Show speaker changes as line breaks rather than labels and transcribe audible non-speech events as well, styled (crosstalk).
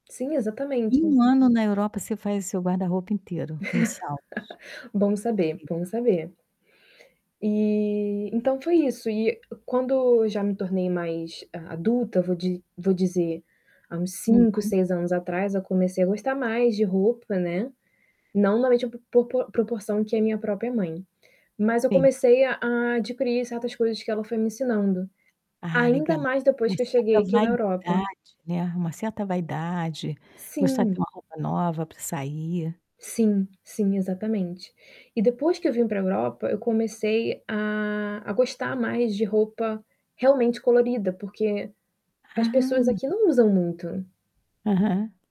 Sim,
Em
exatamente.
1 ano na Europa você faz o seu guarda-roupa inteiro, nos saldos.
(laughs) Bom saber,
incrível.
bom saber. Eh, então, foi isso. E quando eu já me tornei mais adulta, vou di vou dizer, há uns 5,
Uhum.
6 anos atrás, eu comecei a gostar mais de roupa, né, não na média por po proporção que é a minha própria mãe, mas eu
Sim.
comecei a a adquirir certas coisas que ela foi me ensinando.
Ah,
Ainda
legal,
mais,
uma
depois que eu cheguei
certa
aqui na Europa.
vaidade, né, uma certa vaidade, gostar de ter
Sim.
uma roupa nova para sair.
Sim sim, exatamente. E depois que eu vim para a Europa, eu comecei a a gostar mais de roupa, realmente, colorida, porque as pessoas
Ah.
aqui não usam muito.
Aham.